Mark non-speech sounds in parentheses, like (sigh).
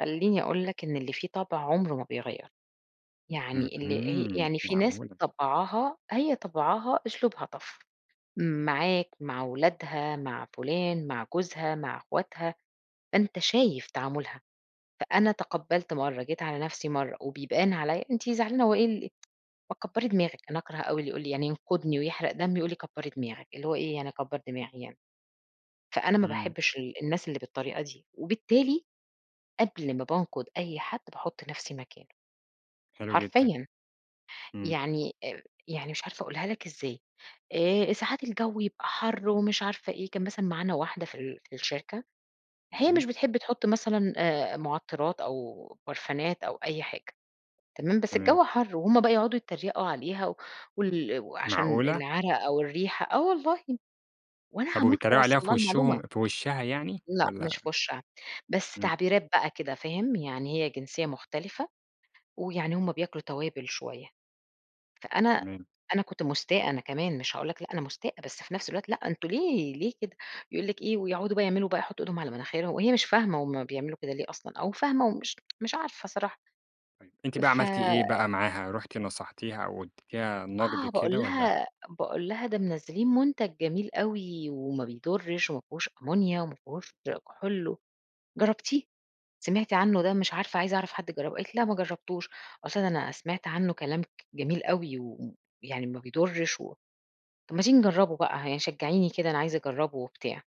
خليني أقول لك إن اللي فيه طبع عمرُه ما بيغيرُه، يعني اللي هي اهم، يعني في ناس معقولة. طبعها، هي طبعها أسلوبها tough معاك مع ولادها مع فلان مع جوزها مع إخواتها، أنت شايف تعامُلها، فأنا تقبّلت مرّه، جيت على نفسي مرّه وبيبان عليَّ أنتِ زعلانة وإيه ال (tsk) فكبّري دماغك، أنا أكره أوي اللي يقول لي يعني ينقدني ويحرق دمي، ويقول لي كبّري دماغك، اللي هو إيه يعني أكبّر دماغي يعني، فأنا ما إمم. باحبش ال الناس اللي بالطريقة دي، وبالتالي قبل ما بانقد أي حد باحط نفسي مكانُه، حلو جدًا. حرفيًا، إمم. يعني يعني آآ، مش عارفة أقولها لك إزاي آآ، ساعات الجو يبقى حَرّ ومش عارفة إيه، كان مثلًا معانا واحدة في ال في الشركة، هي تمام. مش بتحب تحط مثلًا آآ، معطرات أو برفانات أو أي حاجة تمام، بس تمام. الجو حَرّ وهم بقى يقعدوا يتريقوا عليها، وال وعشان معقولة؟ العرق أو الريحة، آه والله وأنا طَب هاموت وبيتريقوا عليها وأوصل في لها المعلومة. وشهم في وشها يعني لأ، مش والَّا في وشها بس إمم. تعبيرات بقى كده فاهم يعني هي جنسية مختلفة، ويعني هم بياكلوا توابل شوية، فأنا تمام. أنا كنت مُستاءة أنا كمان مش هاقول لك لأ، أنا مستاءة بس في نفس الوقت لأ أنتم ليه ليه كده يقول لِك إيه ويقعدوا بقى يعملوا بقى يحطوا إيدهم على مناخيرهم، وهي مش فاهمة هم بيعملوا كده ليه أصلًا، أو فاهمة ومش (tsk) مش عارفة صراحة طيب، أنتِ بقى ف عملتِ إيه بقى معاها؟ رُحتِ نصحتيها أو اديتيها نقد آه، باقول كده والَّا لها باقول لها "ده منزلّين منتج جميل أوي وما بيضرّش و ما فيهوش أمونيا وما فيهوش كحول، جرّبتيه؟ سمعتي عنه ده مش عارفة عايزة أعرف حد جرّبه." قالت لي: "لأ ما جربتوش" قُلت لها: "أنا سمعت عنه كلام جميل أوي ويعني ما بيضرّش و طَب ما تيجي نجرّبه بقى يعني شجّعيني كده أنا عايزة أجرّبه وبتاع."